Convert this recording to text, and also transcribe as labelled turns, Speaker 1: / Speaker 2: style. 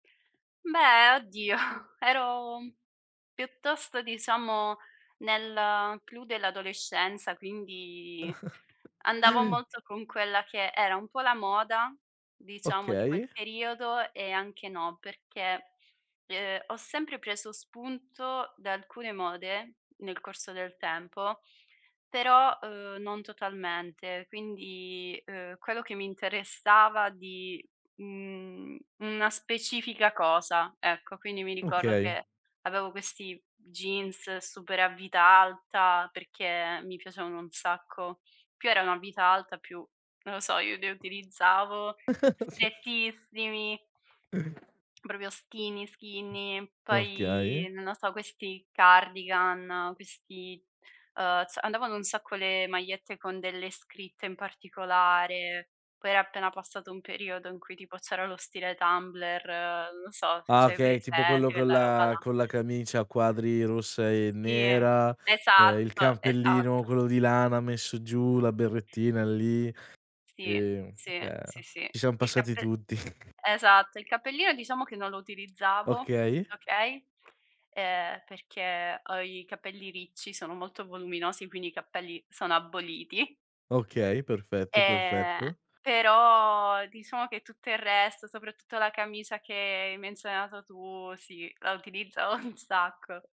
Speaker 1: Beh, oddio, ero piuttosto, diciamo, nel clou dell'adolescenza, quindi andavo molto con quella che era un po' la moda, diciamo, di
Speaker 2: Okay.
Speaker 1: quel periodo e anche no, perché, uhm, ho sempre preso spunto da alcune mode nel corso del tempo, però, uhm, non totalmente. Quindi, uhm, quello che mi interessava di, mhmm, una specifica cosa, ecco. Quindi mi ricordo
Speaker 2: Okay.
Speaker 1: che avevo questi jeans super a vita alta perché mi piacevano un sacco. Più erano a vita alta, più, non lo so, io li utilizzavo strettissimi. Proprio skinny, skinny, poi,
Speaker 2: Okay.
Speaker 1: non lo so, questi cardigan, questi, uhm, s andavano un sacco le magliette con delle scritte in particolare. Poi era appena passato un periodo in cui tipo c'era lo stile Tumblr, non lo so, se
Speaker 2: Ah
Speaker 1: c'hai
Speaker 2: okay, tipo
Speaker 1: presente
Speaker 2: quello con
Speaker 1: quella roba
Speaker 2: la
Speaker 1: là.
Speaker 2: con la camicia a quadri rossa e
Speaker 1: Sì,
Speaker 2: nera, ehm, il
Speaker 1: esatto,
Speaker 2: cappellino
Speaker 1: esatto.
Speaker 2: quello di lana messo giù, la berrettina lì. Sì,
Speaker 1: Sì,
Speaker 2: ehm,
Speaker 1: sì, sì, sì.
Speaker 2: ci siam
Speaker 1: Il
Speaker 2: passati
Speaker 1: cappel
Speaker 2: tutti.
Speaker 1: esatto, il cappellino diciamo che non lo utilizzavo,
Speaker 2: Okay.
Speaker 1: okay, ehm, perché ho i capelli ricci, sono molto voluminosi, quindi i capelli sono aboliti.
Speaker 2: Okay, perfetto,
Speaker 1: Ehm,
Speaker 2: perfetto.
Speaker 1: però diciamo che tutto il resto, soprattutto la camicia che hai menzionato tu, sì, la utilizzavo un sacco.